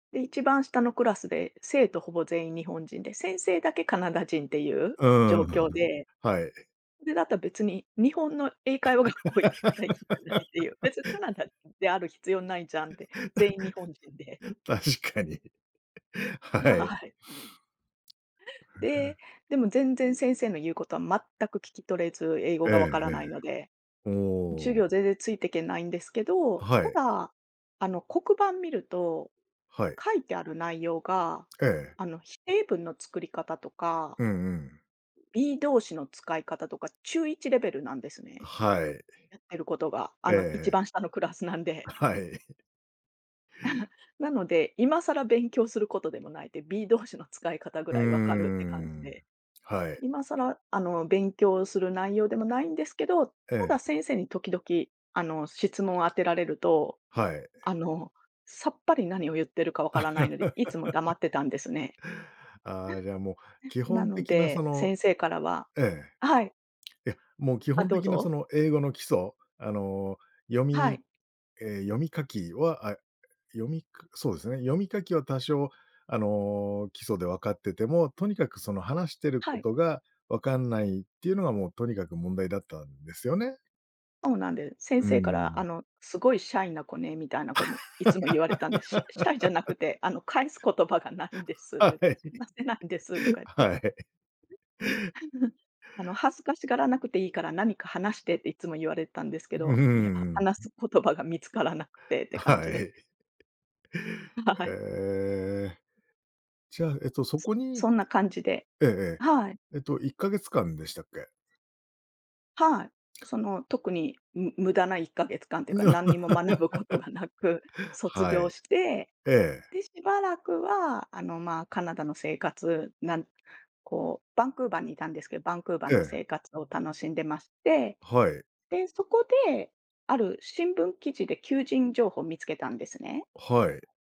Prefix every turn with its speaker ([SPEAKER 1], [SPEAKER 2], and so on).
[SPEAKER 1] で、一番下のクラスで、生徒ほぼ全員日本人で、先生だけカナダ人っていう
[SPEAKER 2] うん
[SPEAKER 1] 状
[SPEAKER 2] うんう
[SPEAKER 1] 況
[SPEAKER 2] ん、
[SPEAKER 1] で。
[SPEAKER 2] はい。
[SPEAKER 1] で、だったら別に、日本の英会話学校行ったらいいんじゃないって言う。別にカナダである必要ないじゃんって。全員日本人で。
[SPEAKER 2] 確かに。
[SPEAKER 1] は
[SPEAKER 2] は
[SPEAKER 1] は
[SPEAKER 2] い。
[SPEAKER 1] ははい。
[SPEAKER 2] へえ。
[SPEAKER 1] で、でも全然先生の言う事は全く聞き取れず。英語
[SPEAKER 2] ええ
[SPEAKER 1] が分から
[SPEAKER 2] ええ。
[SPEAKER 1] ないので。
[SPEAKER 2] ほ
[SPEAKER 1] 授
[SPEAKER 2] お。
[SPEAKER 1] 業全然ついてけないんですけ
[SPEAKER 2] あ、
[SPEAKER 1] ど、
[SPEAKER 2] は
[SPEAKER 1] た
[SPEAKER 2] い。
[SPEAKER 1] だ、あの、黒板見ると
[SPEAKER 2] はい。
[SPEAKER 1] 書いてある内容が、
[SPEAKER 2] ええ。
[SPEAKER 1] あの、否定文の作り方とか
[SPEAKER 2] うんうん。
[SPEAKER 1] Be 動詞の使い方とか、中1レベルなんです
[SPEAKER 2] あ、
[SPEAKER 1] ね。
[SPEAKER 2] はい。
[SPEAKER 1] やってる事が。あ
[SPEAKER 2] ええ
[SPEAKER 1] の、
[SPEAKER 2] え
[SPEAKER 1] 一
[SPEAKER 2] え。
[SPEAKER 1] 番下のクラスなんで。
[SPEAKER 2] あ、はい。
[SPEAKER 1] なので、今更勉強する事でもない。で、Be 動詞の使い方ぐ
[SPEAKER 2] うー
[SPEAKER 1] らい分かるって感じ
[SPEAKER 2] ん。
[SPEAKER 1] で。
[SPEAKER 2] はい。
[SPEAKER 1] 今更、あの、勉強する内容でもないんですけど、た
[SPEAKER 2] え
[SPEAKER 1] だ
[SPEAKER 2] え。
[SPEAKER 1] 先生に時々、あの、質問を当てられると、
[SPEAKER 2] はい。
[SPEAKER 1] あの、さっぱり何を言ってるか分からないので、いつも黙 ってたんですね。
[SPEAKER 2] ああ、じゃあ、もう、基
[SPEAKER 1] な
[SPEAKER 2] 本
[SPEAKER 1] の
[SPEAKER 2] 的なそ
[SPEAKER 1] で、
[SPEAKER 2] の
[SPEAKER 1] 先生からは
[SPEAKER 2] え
[SPEAKER 1] はい。
[SPEAKER 2] え。いや、もう基
[SPEAKER 1] あ、
[SPEAKER 2] 本
[SPEAKER 1] どう
[SPEAKER 2] 的な、そ
[SPEAKER 1] ぞ。
[SPEAKER 2] の英語の基礎、あの、読
[SPEAKER 1] は
[SPEAKER 2] み
[SPEAKER 1] い。
[SPEAKER 2] ええ、読み書きは、あ、読みかそうですね、読み書きは多少、あの、基礎で分かってても、とにかく、その話してる
[SPEAKER 1] はい。
[SPEAKER 2] 事が分かんないって言うのが、もう、とにかく問題だったんですよね？
[SPEAKER 1] そうなんです。先
[SPEAKER 2] うー
[SPEAKER 1] 生から、あ
[SPEAKER 2] ん。
[SPEAKER 1] の、凄いシャイな子ね、みたいな子にいつも言われたんで。シャシャイじゃなく て、あの、返す言葉がないんです
[SPEAKER 2] は
[SPEAKER 1] で、
[SPEAKER 2] い。
[SPEAKER 1] 話せないんですと か言って。
[SPEAKER 2] はい。
[SPEAKER 1] あの恥ずかしがらなくていいから何か話してって、いつも言われたんですけ
[SPEAKER 2] う
[SPEAKER 1] ど。いや、
[SPEAKER 2] ー
[SPEAKER 1] 話
[SPEAKER 2] ん。
[SPEAKER 1] す言葉が見つからなくてって
[SPEAKER 2] あ、
[SPEAKER 1] 感
[SPEAKER 2] は
[SPEAKER 1] じで。
[SPEAKER 2] い。
[SPEAKER 1] はははい。
[SPEAKER 2] ええ。じゃあ、えっと、そこに
[SPEAKER 1] そんな感じで。
[SPEAKER 2] えええ
[SPEAKER 1] はい。
[SPEAKER 2] え。えっと、1か月間でしたっけ？
[SPEAKER 1] はい。その、特に、む無駄な1か月間と言うか、何にも学ぶことがなく 卒
[SPEAKER 2] は
[SPEAKER 1] 業
[SPEAKER 2] い。
[SPEAKER 1] して。
[SPEAKER 2] ええ。
[SPEAKER 1] で、しばらくは、あの、ま、カナダの生活、なんこう、バンクーバーにいたんですけど、バンクーバー
[SPEAKER 2] え
[SPEAKER 1] の
[SPEAKER 2] え。
[SPEAKER 1] 生活を楽しんでまして。
[SPEAKER 2] はい。
[SPEAKER 1] で、そこで、ある新聞記事で求人情報見つけたんですね。
[SPEAKER 2] はい。